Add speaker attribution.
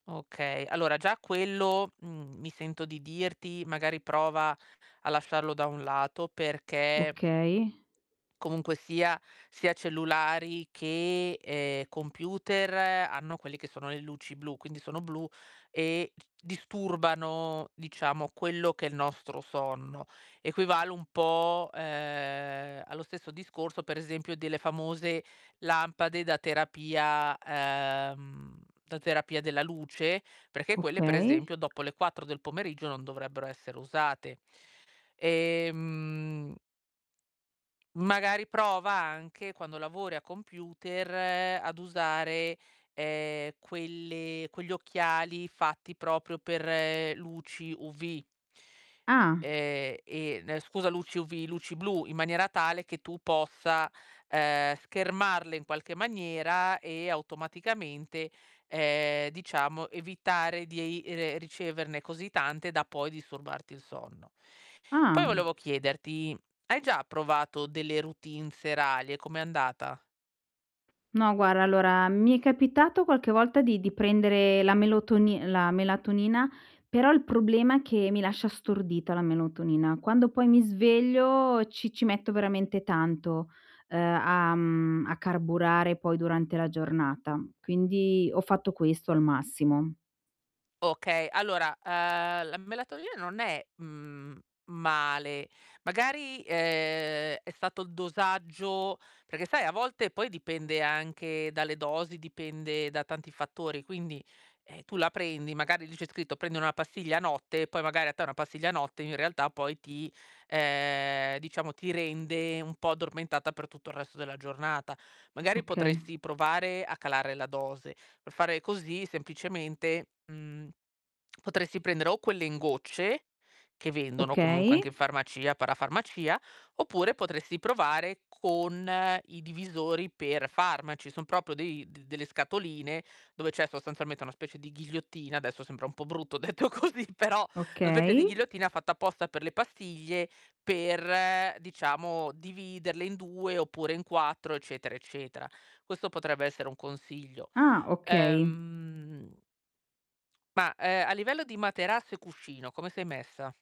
Speaker 1: Okay, allora già quello, mhmm, mi sento di dirti magari prova a lasciarlo da un lato perché
Speaker 2: Okay.
Speaker 1: comunque sia, sia cellulari che, ehm, computer hanno quelle che sono le luci blu, quindi sono blu e disturbano, diciamo, quello che è il nostro sonno. Equivale un po', uhm, allo stesso discorso, per esempio, delle famose lampade da terapia uhm, da terapia della luce, perché quelle per
Speaker 2: Okay.
Speaker 1: esempio dopo le 4 del pomeriggio non dovrebbero essere usate. Ehm magari prova anche, quando lavori a computer ad usare, ehm, quelle quegli occhiali fatti proprio per luci UV.
Speaker 2: Ah.
Speaker 1: Ehm, e ne scusa, luci UV, luci blu, in maniera tale che tu possa, uhm, schermarle in qualche maniera, e automaticamente, ehm, diciamo evitare di ei re riceverne così tante da poi disturbarti il sonno.
Speaker 2: Ah.
Speaker 1: Poi volevo chiederti, mhmm, hai già provato delle routine serali e com'è andata?
Speaker 2: No guarda, allora mi è capitato qualche volta di di prendere la melotoni la melatonina, però il problema è che mi lascia stordita la melatonina. Quando, poi mi sveglio ci ci metto veramente tanto, uhm, a mhmm, a carburare poi durante la giornata. Quindi ho fatto questo al massimo.
Speaker 1: Okay, allora, uhm, la melatonina non è, mhmm, male, magari, ehm, è stato il dosaggio. Perché sai, a volte poi dipende anche dalle dosi, dipende da tanti fattori. Quindi, eh, tu la prendi, magari lì c'è scritto: "prendere una pastiglia a notte" e poi magari a te una pastiglia a notte in realtà poi ti uhm, diciamo ti rende un po' addormentata per tutto il resto della giornata. Magari,
Speaker 2: Oka
Speaker 1: potresti provare a calare la dose. Per fare così semplicemente, mhmm, potresti prendere o quelle in gocce che vendono comunque
Speaker 2: Okay.
Speaker 1: anche in farmacia, parafarmacia, oppure potresti provare con i divisori per farmaci. Son proprio dei d delle scatoline dove c'è sostanzialmente una specie di ghigliottina, adesso sembra un po' brutto detto così, però una specie di
Speaker 2: Okay.
Speaker 1: ghigliottina fatta apposta per le pastiglie per, diciamo, dividerle in 2 oppure in 4 eccetera, eccetera. Questo potrebbe essere un consiglio.
Speaker 2: Ah, okay.
Speaker 1: Ehm ma, uhm, a livello di materasso e cuscino come sei messa?